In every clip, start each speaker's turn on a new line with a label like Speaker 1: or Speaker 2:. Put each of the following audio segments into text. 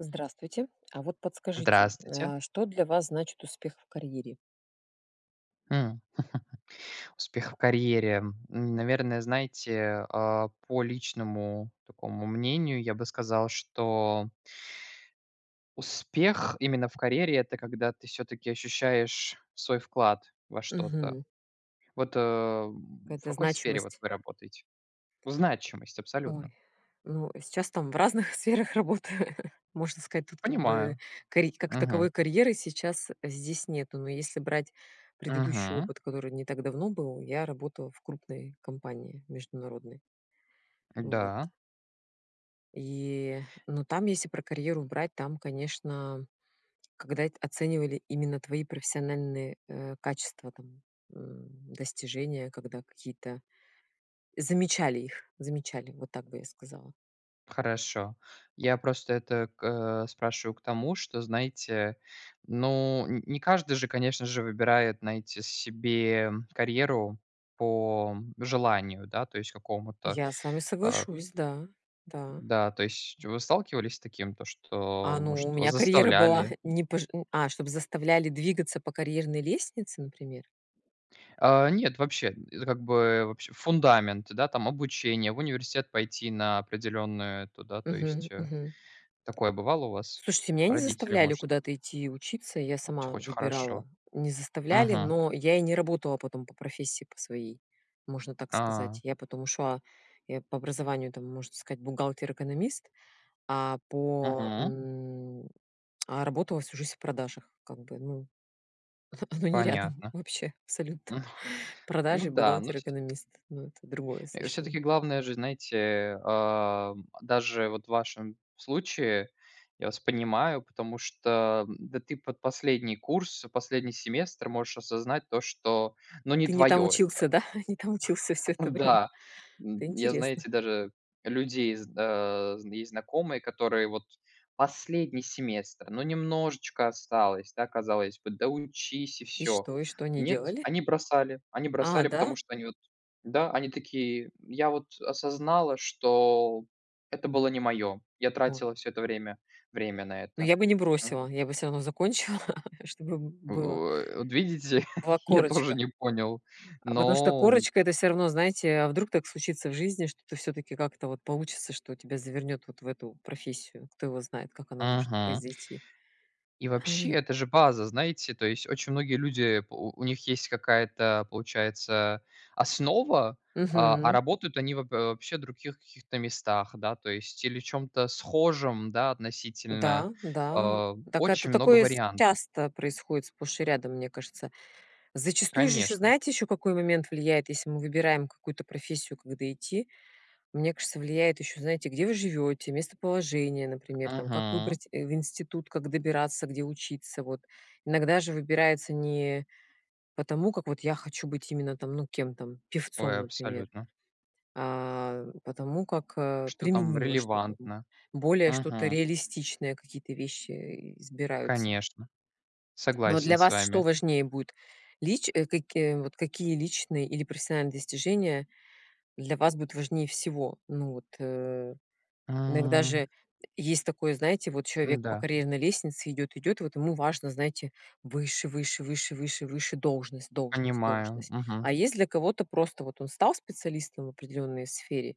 Speaker 1: Здравствуйте. А вот подскажите,
Speaker 2: Здравствуйте.
Speaker 1: м, а что для вас значит успех в карьере?
Speaker 2: М. Успех в карьере, м, наверное, знаете, а, по личному такому мнению, я бы сказал, что успех именно в карьере- это когда ты всё-таки ощущаешь свой вклад во что-то.
Speaker 1: Мгм.
Speaker 2: Вот, э, м, в
Speaker 1: Какая-то
Speaker 2: какой сфере вот
Speaker 1: значимость.
Speaker 2: вы работаете? В значимости,
Speaker 1: Ой,
Speaker 2: абсолютно.
Speaker 1: ну, сейчас там в разных сферах работаю. Можно сказать тут как бы
Speaker 2: Понимаю,
Speaker 1: карит как
Speaker 2: мгм.
Speaker 1: таковой карьеры сейчас здесь нету. Но если брать предыдущий
Speaker 2: Мгм.
Speaker 1: опыт, который не так давно был, я работала в крупной компании международной. Вот.
Speaker 2: Да.
Speaker 1: И, ну там если про карьеру брать, там конечно, когда эт оценивали именно твои профессиональные, э, качества там, м, достижения, когда какие-то замечали их, замечали вот так бы я сказала.
Speaker 2: Хорошо. Я просто это к э, спрашиваю к тому, что, знаете, ну, н не каждый же, конечно же, выбирает знаете себе, м, карьеру по желанию, да, то есть, какому-то,
Speaker 1: Я с вами
Speaker 2: а, к
Speaker 1: соглашусь. Да. Да.
Speaker 2: Да, то есть, вы сталкивались с таким, то
Speaker 1: А,
Speaker 2: что,
Speaker 1: ну,
Speaker 2: может,
Speaker 1: у
Speaker 2: вас
Speaker 1: меня карьера была
Speaker 2: заставляли?
Speaker 1: не пож у. А, чтобы заставляли двигаться по карьерной лестнице, например?
Speaker 2: А, нет, вообще, это как бы вообще- фундамент, да, там обучения, в университет пойти на определенную эту, да, то
Speaker 1: Мгм
Speaker 2: есть, э,
Speaker 1: мгм.
Speaker 2: такое бывало у вас?
Speaker 1: Слушайте меня не
Speaker 2: Родители,
Speaker 1: заставляли
Speaker 2: может
Speaker 1: куда-то идти учиться, я
Speaker 2: а, ч
Speaker 1: сама
Speaker 2: очень хорошо.
Speaker 1: выбирала. Не заставляли,
Speaker 2: Мгм.
Speaker 1: но я и не работала потом по профессии по своей, можно так сказать.
Speaker 2: А.
Speaker 1: Я потом ушла я по образованию там можно сказать бухгалтер-экономист, а по,
Speaker 2: Мгм.
Speaker 1: м, а работала всю жизнь в продажах как бы, ну. Оно не рядом
Speaker 2: Понятно.
Speaker 1: вообще, абсолютно.
Speaker 2: Ну
Speaker 1: Продажи и
Speaker 2: да, ну
Speaker 1: бухгалтер
Speaker 2: се
Speaker 1: экономист. Ну, это другое
Speaker 2: Э,
Speaker 1: совершенно.
Speaker 2: всё-таки главное же, знаете, а, м, даже вот в вашем случае, я вас понимаю, потому что, а, да ты под последний курс, последний семестр можешь осознать, то что, ну не
Speaker 1: Ты не там
Speaker 2: твоё это.
Speaker 1: учился, да? Не там учился всё это время.
Speaker 2: Да. М,
Speaker 1: Это
Speaker 2: я,
Speaker 1: интересно!
Speaker 2: знаете, даже людей зд э, з есть знакомые, которые вот последний семестр, но немножечко осталось да, казалось бы, доучись и
Speaker 1: И
Speaker 2: всё.
Speaker 1: что и что они
Speaker 2: Нет,
Speaker 1: делали?
Speaker 2: они бросали они
Speaker 1: А,
Speaker 2: бросали,
Speaker 1: да?
Speaker 2: потому что они вот да, они такие: "Я вот осознала, что это было не моё, я
Speaker 1: Ой.
Speaker 2: тратила всё это время время на
Speaker 1: Ну,
Speaker 2: это,
Speaker 1: я бы не
Speaker 2: м".
Speaker 1: бросила, я бы всё равно закончила, чтобы б была
Speaker 2: Вот видите,
Speaker 1: была
Speaker 2: я тоже
Speaker 1: корочка.
Speaker 2: не понял,
Speaker 1: А потому что
Speaker 2: но.
Speaker 1: корочка- это всё равно знаете, а вдруг так случится в жизни, что ты всё-таки как-то вот получится, что тебя завернёт вот в эту профессию, кто его знает, как оно может
Speaker 2: Ага.
Speaker 1: произойти.
Speaker 2: И, вообще,
Speaker 1: Они
Speaker 2: это же база, знаете? То есть, очень многие люди, э, у у них есть какая-то, получается, основа, а а
Speaker 1: Мгм.
Speaker 2: работают они воб э, вообще в других каких-то местах, да, то есть, или в чём-то схожем, да, относительно.
Speaker 1: Да-да и
Speaker 2: Э,
Speaker 1: так это
Speaker 2: очень много
Speaker 1: такое с
Speaker 2: вариантов.
Speaker 1: часто происходит сплошь и рядом, мне кажется. Зачастую ж ещё
Speaker 2: Конечно.
Speaker 1: знаете какой момент влияет, если мы выбираем какую-то профессию, когда идти. Мне кажется влияет ещё знаете, где вы живёте, местоположение например там, как
Speaker 2: Мгм.
Speaker 1: выбрать, э, в институт, как добираться, где учиться вот. Иногда же выбирается не по тому как вот я хочу быть именно там, ну, кем там,
Speaker 2: Ой,
Speaker 1: певцом, например,
Speaker 2: абсолютно.
Speaker 1: а по тому, как, э,
Speaker 2: Что там
Speaker 1: применимо что-то, м,
Speaker 2: релевантно,
Speaker 1: более что-то
Speaker 2: мгм.
Speaker 1: реалистичное, какие-то вещи избираются.
Speaker 2: Конечно.
Speaker 1: Но, а,
Speaker 2: Согласен
Speaker 1: для
Speaker 2: с
Speaker 1: вас что
Speaker 2: вами.
Speaker 1: важнее будет? Лич э, каки вот какие личные или профессиональные достижения для вас будут важнее всего? Ну вот, э, иногда
Speaker 2: М.
Speaker 1: же есть такое, знаете, вот человек по
Speaker 2: М-да.
Speaker 1: карьерной лестнице идёт идёт, вот ему важно, знаете, выше выше выше выше выше должность должность
Speaker 2: Понимаю,
Speaker 1: должность.
Speaker 2: мгм.
Speaker 1: А есть для кого-то просто вот, он стал специалистом в определенной сфере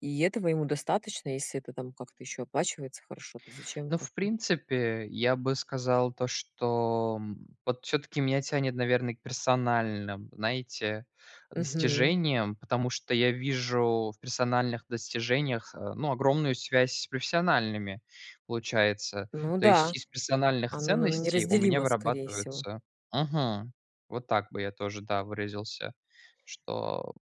Speaker 1: и этого ему достаточно, если это там как-то ещё оплачивается хорошо, то зачем
Speaker 2: Ну,
Speaker 1: как
Speaker 2: в
Speaker 1: бы.
Speaker 2: принципе, я бы сказал, то что, м, вот всё-таки меня тянет, наверно, к персональным, знаете,
Speaker 1: Мгм.
Speaker 2: достижениям, потому что я вижу в персональных достижениях, э, ну, огромную связь с профессиональными, получается.
Speaker 1: Ну
Speaker 2: То есть
Speaker 1: да,
Speaker 2: из профессиональных
Speaker 1: оно наверно
Speaker 2: ценностей у меня
Speaker 1: неразделимо скорее всего.
Speaker 2: вырабатывается мгм. Вот так бы я тоже, да, выразился, что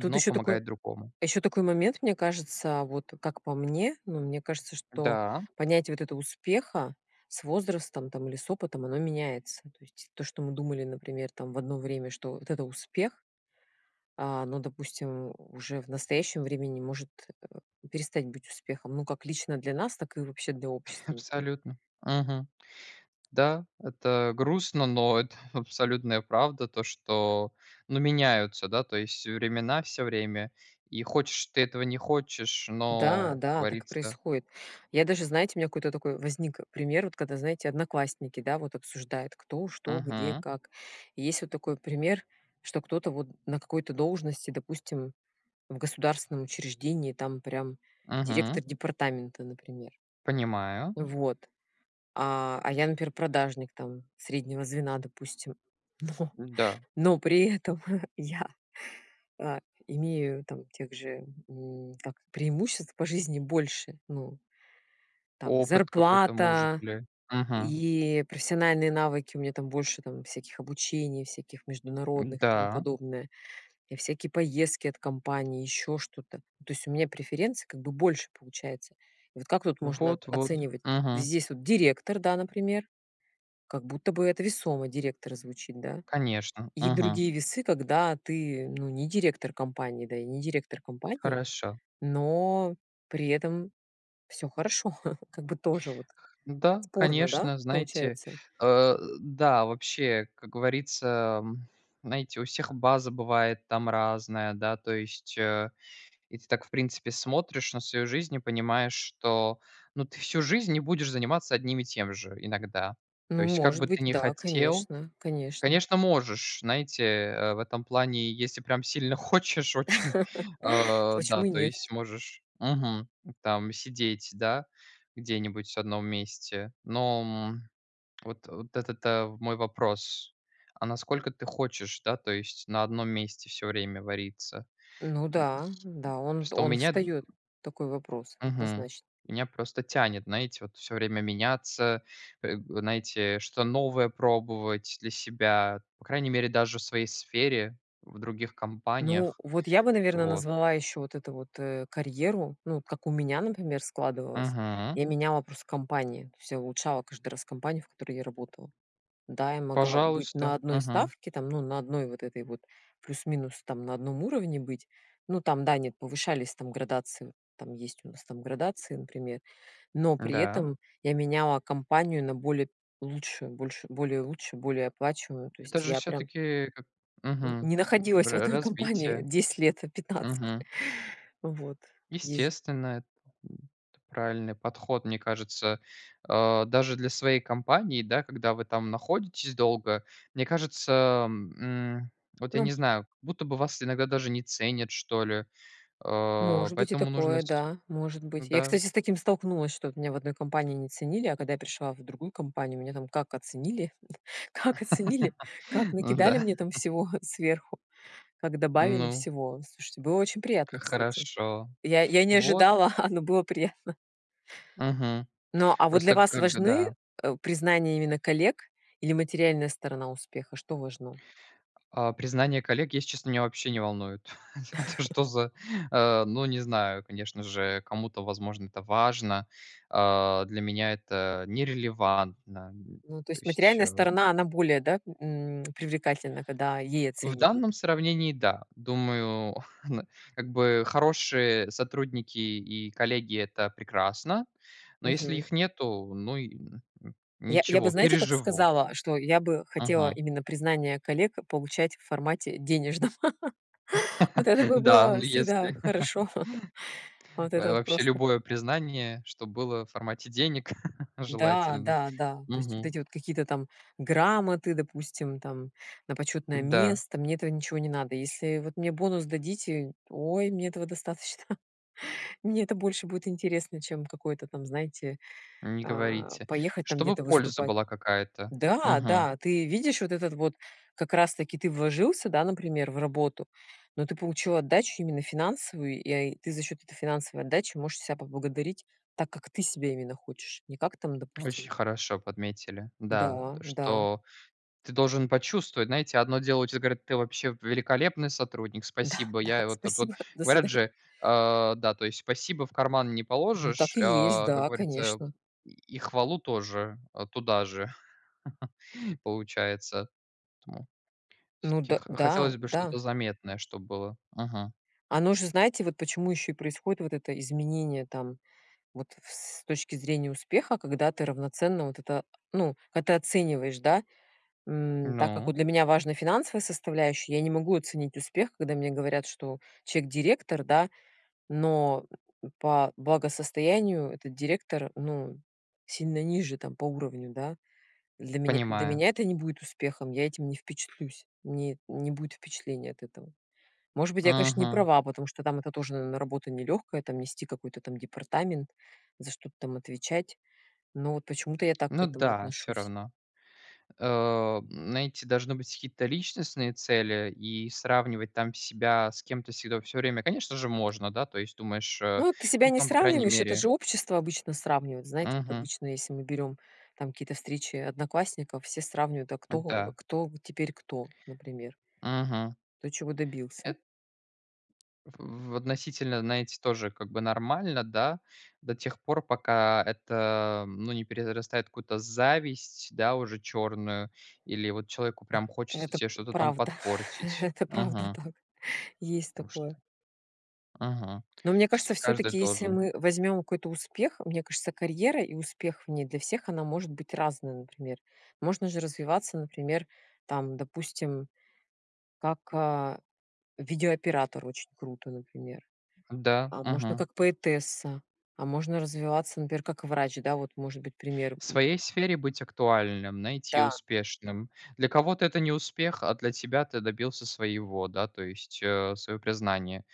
Speaker 1: Тут еще такой
Speaker 2: помогает другому.
Speaker 1: еще такой момент, мне кажется, вот как по мне, ну, мне кажется, что
Speaker 2: Да.
Speaker 1: понятие вот этого успеха, с возрастом там или с опытом- оно меняется. То есть то, что мы думали, например, там в одно время, что вот это успех, а, но, допустим, уже в настоящем времени может, э, перестать быть успехом. Ну, как лично для нас, так и вообще для общества например.
Speaker 2: Абсолютно, мгм. Да, это грустно, но это абсолютная правда. То что ну, меняются, да, то есть времена всё время. И хочешь ты этого, не хочешь, но
Speaker 1: Да,
Speaker 2: как
Speaker 1: да так и
Speaker 2: говорится.
Speaker 1: происходит. Я даже знаете у меня какой-то такой возник, э, пример, вот когда знаете, одноклассники, да, вот обсуждают кто, что, где,
Speaker 2: Мгм.
Speaker 1: как? И есть вот такой пример, что кто-то вот на какой-то должности, допустим, в государственном учреждении, там прям
Speaker 2: Мгм.
Speaker 1: директор департамента, например.
Speaker 2: Понимаю.
Speaker 1: Вот. А а я, например, продажник там среднего звена, допустим. Но
Speaker 2: М-да.
Speaker 1: но при этом я, а имею там тех же, м, как преимуществ по жизни больше, ну, там и
Speaker 2: Опыт какой-то может
Speaker 1: зарплата,
Speaker 2: ли, мгм.
Speaker 1: и профессиональные навыки у меня там больше, там всяких обучений, всяких международных и тому
Speaker 2: М-да.
Speaker 1: подобное. И всякие поездки от компании, ещё что-то. Ну, то есть у меня преференций как бы больше получается. И вот как тут можно о
Speaker 2: Вот вот,
Speaker 1: оценивать?
Speaker 2: мгм.
Speaker 1: Здесь вот директор, да, например, как будто бы это весомо директор звучит, да.
Speaker 2: Конечно,
Speaker 1: И
Speaker 2: мгм.
Speaker 1: другие весы, когда ты, ну, не директор компании, да, и не директор компании,
Speaker 2: Хорошо.
Speaker 1: но при этом всё хорошо, как бы тоже вот
Speaker 2: Да,
Speaker 1: спорно, да
Speaker 2: конечно, знаете,
Speaker 1: получается.
Speaker 2: э, да, вообще, как говорится, м, знаете, у всех база бывает там разная, да. То есть, э, и ты так, в принципе, смотришь на свою жизнь и понимаешь, что, ну, ты всю жизнь не будешь заниматься одним и тем же иногда. То
Speaker 1: Ну,
Speaker 2: есть, как
Speaker 1: может
Speaker 2: бы ты
Speaker 1: быть,
Speaker 2: не
Speaker 1: да
Speaker 2: хотел.
Speaker 1: конечно, конечно.
Speaker 2: Конечно, можешь. Знаете, э, в этом плане, если прям сильно хочешь, очень, э,
Speaker 1: То
Speaker 2: да,
Speaker 1: почему и
Speaker 2: то
Speaker 1: нет.
Speaker 2: есть можешь мгм, там сидеть, да, где-нибудь в одном месте. Но, м, вот вот этот, э, мой вопрос: а насколько ты хочешь, да, то есть, на одном месте всё время вариться? М.
Speaker 1: Ну да, да, он
Speaker 2: Просто у
Speaker 1: он
Speaker 2: меня
Speaker 1: встаёт такой вопрос,
Speaker 2: мгм.
Speaker 1: однозначно.
Speaker 2: Меня просто тянет знаете вот всё время меняться, э, знаете, что-то новое пробовать для себя, по крайней мере даже в своей сфере, в других
Speaker 1: Ну,
Speaker 2: компаниях,
Speaker 1: вот я бы, наверно,
Speaker 2: вот.
Speaker 1: назвала ещё вот это вот, э, карьеру. Ну, вот как у меня, например, складывалось.
Speaker 2: Мгм.
Speaker 1: Я меняла просто компании, то есть я улучшала каждый раз компанию, в которой я работала. Да, я могла быть
Speaker 2: Пожалуйста,
Speaker 1: на 1
Speaker 2: мгм.
Speaker 1: ставке там, ну, на 1 вот этой вот плюс-минус там на одном уровне быть. Ну, там да, нет, повышались там градации. Там есть у нас там градации, например. Но при
Speaker 2: Да.
Speaker 1: этом я меняла компанию на более лучшую, больш более лучше, более оплачиваемую. То
Speaker 2: Это
Speaker 1: есть
Speaker 2: же,
Speaker 1: я прям
Speaker 2: всё-таки, как
Speaker 1: н
Speaker 2: мгм,
Speaker 1: не находилась в
Speaker 2: ра
Speaker 1: одной компании
Speaker 2: развитие.
Speaker 1: 10 лет, а 15.
Speaker 2: Мгм.
Speaker 1: Вот, есть же
Speaker 2: Естественно это м, это правильный подход, мне кажется, а даже для своей компании, да, когда вы там находитесь долго. Мне кажется, м, вот, я
Speaker 1: Ну.
Speaker 2: не знаю, как будто бы вас иногда даже не ценят, что ли. Э,
Speaker 1: Может быть и
Speaker 2: поэтому нужно
Speaker 1: такое,
Speaker 2: сь
Speaker 1: да, может быть. Я,
Speaker 2: м-да.
Speaker 1: кстати, с таким столкнулась, что вот меня в одной компании не ценили, а когда я пришла в другую компанию, меня там как оценили как оценили, как накидали
Speaker 2: Н-да.
Speaker 1: мне там всего сверху, как добавили
Speaker 2: Ну.
Speaker 1: всего. Слушайте, было очень приятно,
Speaker 2: Как
Speaker 1: кстати,
Speaker 2: хорошо,
Speaker 1: я я не
Speaker 2: вот
Speaker 1: ожидала, но было приятно.
Speaker 2: Мгм.
Speaker 1: Но, а вот для
Speaker 2: Просто
Speaker 1: вас
Speaker 2: как бы,
Speaker 1: важны,
Speaker 2: да.
Speaker 1: э, признания именно коллег или материальная сторона успеха? Что важно?
Speaker 2: А признание коллег, если честно, меня вообще не волнует. Это что за? Э, ну, не знаю, конечно же, кому-то, возможно, это важно, а. Для меня это нерелевантно м,
Speaker 1: Ну, то
Speaker 2: то
Speaker 1: есть
Speaker 2: есть,
Speaker 1: материальная
Speaker 2: э.
Speaker 1: сторона- она более, да, м, привлекательна, когда ей
Speaker 2: В
Speaker 1: оценивают?
Speaker 2: данном сравнении, да, думаю, как бы хорошие сотрудники и коллеги- это прекрасно. Но если
Speaker 1: Мгм.
Speaker 2: их нету, ну и м,
Speaker 1: Я я бы
Speaker 2: ничего,
Speaker 1: знаете, как
Speaker 2: переживу
Speaker 1: сказала, что я бы хотела
Speaker 2: Мгм.
Speaker 1: именно признание коллег получать в формате денежном. Вот это бы
Speaker 2: Да, ну
Speaker 1: было всегда
Speaker 2: если
Speaker 1: хорошо. Вот это
Speaker 2: ой,
Speaker 1: вот
Speaker 2: вообще
Speaker 1: просто.
Speaker 2: любое признание, чтоб было в формате денег, желательно,
Speaker 1: Да-да-да. То есть вот
Speaker 2: мгм.
Speaker 1: эти вот какие-то там грамоты, допустим, там на почётное
Speaker 2: Да.
Speaker 1: место- мне этого ничего не надо. Если вот мне бонус дадите, ой, мне этого достаточно. Мне это больше будет интересно, чем какой-то там знаете,
Speaker 2: Не
Speaker 1: а,
Speaker 2: говорите.
Speaker 1: поехать там
Speaker 2: Чтобы
Speaker 1: где-то
Speaker 2: польза
Speaker 1: выступать.
Speaker 2: была какая-то. Мгм.
Speaker 1: Да-да ты видишь вот этот вот как раз таки ты вложился, да, например, в работу, но ты получил отдачу именно финансовую я и ты за счёт этой финансовой отдачи можешь себя поблагодарить так, как ты себя именно хочешь, не как там
Speaker 2: Очень
Speaker 1: допустим
Speaker 2: хорошо подметили, да, то,
Speaker 1: Да-да.
Speaker 2: что ты должен почувствовать. Знаете, одно дело тебе щас говорят: "Ты вообще великолепный сотрудник. Спасибо."
Speaker 1: Да-да,
Speaker 2: Я вот вот вот
Speaker 1: спасибо. До
Speaker 2: говорят
Speaker 1: свидания.
Speaker 2: же, а, да, то есть: "Спасибо в карман не
Speaker 1: Ну
Speaker 2: положишь".
Speaker 1: так и есть.
Speaker 2: А как
Speaker 1: Да,
Speaker 2: говорится:
Speaker 1: конечно.
Speaker 2: "И и хвалу тоже, а, туда же". Получается, поэтому
Speaker 1: Ну
Speaker 2: всё-таки
Speaker 1: д
Speaker 2: х
Speaker 1: да,
Speaker 2: хотелось бы
Speaker 1: да.
Speaker 2: что-то заметное, чтобы было. Мгм.
Speaker 1: Оно же знаете, вот почему ещё и происходит вот это изменение там вот в с точки зрения успеха, когда ты равноценно вот это ну, когда ты оцениваешь, да. М, так как вот
Speaker 2: Ну.
Speaker 1: для меня важна финансовая составляющая, я не могу оценить успех, когда мне говорят, что человек директор, да, но по благосостоянию этот директор, ну, сильно ниже там по уровню, да. Для меня для
Speaker 2: Понимаю.
Speaker 1: меня это не будет успехом, я этим не впечатлюсь, мне не будет впечатлений от этого. Может быть я конечно не
Speaker 2: Мгм.
Speaker 1: права, потому что там это тоже э н работа нелегкая, там нести какой-то там департамент, за что-то там отвечать. Но вот почему-то я так к
Speaker 2: Ну
Speaker 1: этому
Speaker 2: да, всё
Speaker 1: отношусь.
Speaker 2: равно. Э, знаете, должны быть какие-то личностные цели, и сравнивать там себя с кем-то всегда, всё время, конечно, же можно, да, то есть думаешь, э,
Speaker 1: Ну вот ты себя
Speaker 2: ну,
Speaker 1: не
Speaker 2: там по крайней
Speaker 1: сравниваешь. Это
Speaker 2: мере
Speaker 1: же общество обычно сравнивает. Знаете, вот
Speaker 2: Мгм.
Speaker 1: обычно если мы берём там какие-то встречи одноклассников, все сравнивают, а кто а
Speaker 2: Да.
Speaker 1: кто теперь кто, например.
Speaker 2: Мгм.
Speaker 1: Кто чего добился.
Speaker 2: Эт В в относительно, знаете, тоже как бы нормально да, до тех пор, пока это, ну, не перерастает в какую-то зависть, да, уже чёрную. Или вот человеку прям хочется
Speaker 1: Это п
Speaker 2: тебе что-то там
Speaker 1: правда.
Speaker 2: подпортить.
Speaker 1: Это правда
Speaker 2: Мгм.
Speaker 1: так. Есть
Speaker 2: Потому что.
Speaker 1: такое.
Speaker 2: Мгм.
Speaker 1: Ну, мне кажется
Speaker 2: Всё-таки каждый
Speaker 1: всё-таки, если
Speaker 2: должен.
Speaker 1: мы возьмем какой-то успех, мне кажется карьера и успех в ней для всех- она может быть разная. Например, можно же развиваться, например, там, допустим, как, э, видеооператор очень круто, например.
Speaker 2: Да,
Speaker 1: А можно
Speaker 2: мгм.
Speaker 1: как поэтесса, а можно развиваться, например, как врач. Да, вот может быть пример,
Speaker 2: В
Speaker 1: м.
Speaker 2: своей сфере быть актуальным, знаете, и
Speaker 1: Да.
Speaker 2: успешным. Для кого-то это не успех, а для тебя ты добился своего, да, то есть, э, своего признания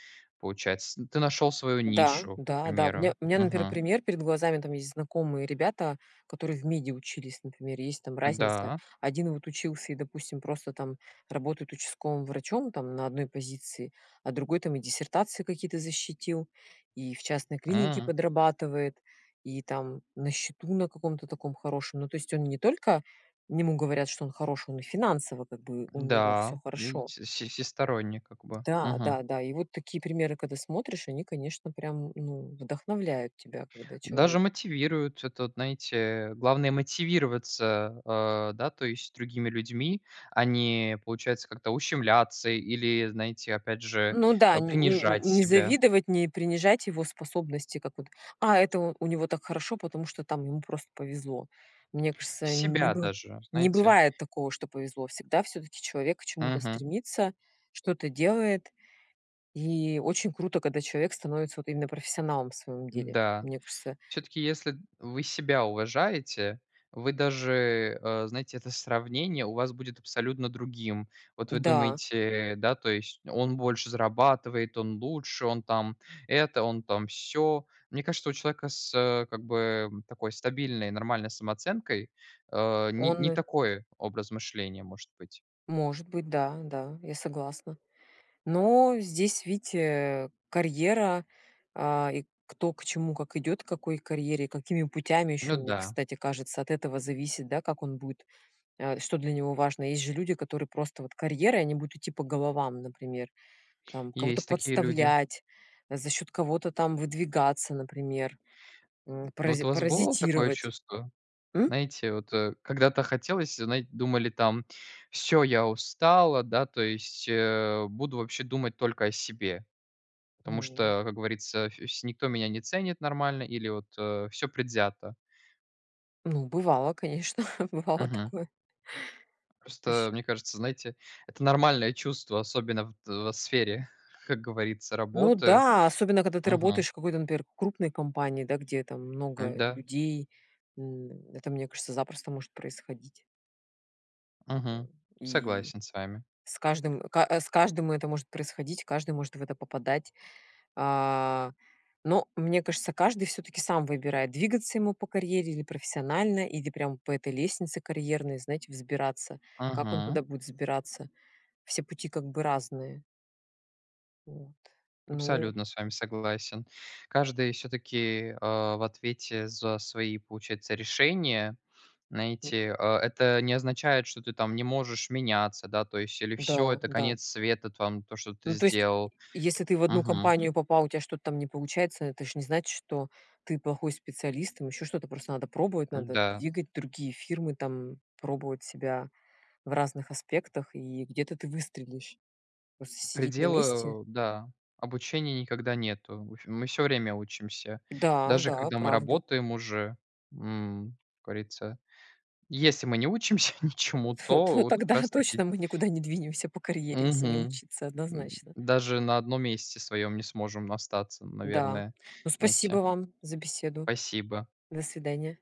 Speaker 2: получается. Ты нашёл свою
Speaker 1: Да,
Speaker 2: нишу, к
Speaker 1: да, да. У меня
Speaker 2: примеру,
Speaker 1: у меня, например,
Speaker 2: мгм.
Speaker 1: пример перед глазами. Там есть знакомые ребята, которые в меде учились, например, есть там разница.
Speaker 2: Да.
Speaker 1: Один вот учился и допустим просто там работает участковым врачом там на одной позиции, а другой там и диссертации какие-то защитил, и в частной клинике
Speaker 2: М.
Speaker 1: подрабатывает, и там на счету на каком-то таком хорошем. Ну, то есть он не только ему говорят, что он хорош, он и финансово как бы у него
Speaker 2: Да,
Speaker 1: всё хорошо.
Speaker 2: видите, все всесторонне, как бы, мгм.
Speaker 1: Да-да-да. И вот такие примеры, когда смотришь, они конечно прям н ну вдохновляют тебя, когда
Speaker 2: Даже
Speaker 1: человек
Speaker 2: мотивирует это, знаете, э. Главное мотивироваться, э, да, то есть другими людьми. А не, получается как-то, ущемляться или, знаете, опять же,
Speaker 1: Ну да,
Speaker 2: э,
Speaker 1: нь нь нь
Speaker 2: принижать
Speaker 1: не
Speaker 2: себя.
Speaker 1: завидовать, не принижать его способности, как вот: "А это у него так хорошо, потому что там ему просто повезло". Мне кажется, не
Speaker 2: Себя
Speaker 1: бы
Speaker 2: даже,
Speaker 1: не
Speaker 2: знаете.
Speaker 1: бывает такого, что повезло, всегда всё-таки человек к чему-то
Speaker 2: Мгм.
Speaker 1: стремится, что-то делает и очень круто, когда человек становится вот именно профессионалом в своём деле.
Speaker 2: Да.
Speaker 1: Мне кажется.
Speaker 2: Всё-таки, если вы себя уважаете, вы даже э, знаете, это сравнение у вас будет абсолютно другим. Вот вы
Speaker 1: Да.
Speaker 2: думаете, да, то есть, он больше зарабатывает, он лучше, он там это, он там сё. Мне кажется, что у человека с, э, как бы такой стабильной, нормальной самооценкой, э, не не
Speaker 1: Он.
Speaker 2: такой образ мышления может быть.
Speaker 1: Может быть, да-да, я согласна. Но здесь, видите, э, карьера, а, и кто, к чему, как идет, к какой карьере и какими путями ещё
Speaker 2: Ну
Speaker 1: мне
Speaker 2: да.
Speaker 1: кстати кажется от этого зависит да, как он будет а что для него важно. Есть же люди, которые просто вот карьера, и они будут идти по головам, например, там кого-то
Speaker 2: Есть такие люди.
Speaker 1: подставлять, за счёт кого-то там выдвигаться, например, м,
Speaker 2: Ну
Speaker 1: парази
Speaker 2: вот у вас бывало такое
Speaker 1: паразитировать.
Speaker 2: чувство?
Speaker 1: М?
Speaker 2: Знаете вот, э, когда-то хотелось знает думали там: "Всё, я устала, да, то есть, э, буду вообще думать только о себе, потому
Speaker 1: Ну.
Speaker 2: что, как говорится, вс никто меня не ценит нормально или вот, э, всё предвзято".
Speaker 1: Ну, бывало, конечно. Бывало
Speaker 2: Мгм.
Speaker 1: такое.
Speaker 2: Просто,
Speaker 1: А щ
Speaker 2: э, мне кажется, знаете, это нормальное чувство, особенно в т в сфере, как говорится,
Speaker 1: Ну
Speaker 2: работы,
Speaker 1: да, особенно, когда ты работаешь
Speaker 2: мгм.
Speaker 1: в какой-то, например, крупной компании, да, где там много
Speaker 2: Да.
Speaker 1: людей. М, это, мне кажется, запросто может происходить. Э,
Speaker 2: Мгм.
Speaker 1: и
Speaker 2: Согласен с вами.
Speaker 1: с каждым, э с каждым это может происходить, каждый может в это попадать. А, но, мне кажется, каждый всё-таки сам выбирает, двигаться ему по карьере или профессионально или прям по этой лестнице карьерной, знаете, взбираться. Как он
Speaker 2: Мгм.
Speaker 1: туда будет взбираться? Все пути как бы разные. Вот, ну
Speaker 2: Абсолютно с вами согласен. Каждый всё-таки, а, в ответе за свои, получается, решения,
Speaker 1: М.
Speaker 2: знаете. А это не означает, что ты там не можешь меняться, да, то есть, или всё, это
Speaker 1: Да-да.
Speaker 2: конец света т вам то, что ты
Speaker 1: Ну, то есть,
Speaker 2: сделал,
Speaker 1: е если ты в одну
Speaker 2: мгм.
Speaker 1: компанию попал у тебя что-то там не получается- это ж не значит, что ты плохой специалист, там еще что-то. Просто надо пробовать, надо
Speaker 2: Да.
Speaker 1: двигать другие фирмы там, пробовать себя в разных аспектах и где-то ты выстрелишь. Просто сидеть на месте
Speaker 2: Предела, э, да. Обучения никогда нету. В общем, мы всё время учимся, даже
Speaker 1: Да-да,
Speaker 2: когда мы
Speaker 1: правда.
Speaker 2: работаем уже, м, как говорится. Если мы не учимся ничему,
Speaker 1: Т
Speaker 2: то
Speaker 1: т
Speaker 2: вот как
Speaker 1: тогда
Speaker 2: раз таки
Speaker 1: точно мы никуда не двинемся по карьере если не
Speaker 2: Мгм.
Speaker 1: учиться,
Speaker 2: М,
Speaker 1: однозначно.
Speaker 2: даже на одном месте своём не сможем остаться,
Speaker 1: Да,
Speaker 2: наверное,
Speaker 1: ну спасибо
Speaker 2: знаете.
Speaker 1: вам за беседу.
Speaker 2: Спасибо.
Speaker 1: До свидания.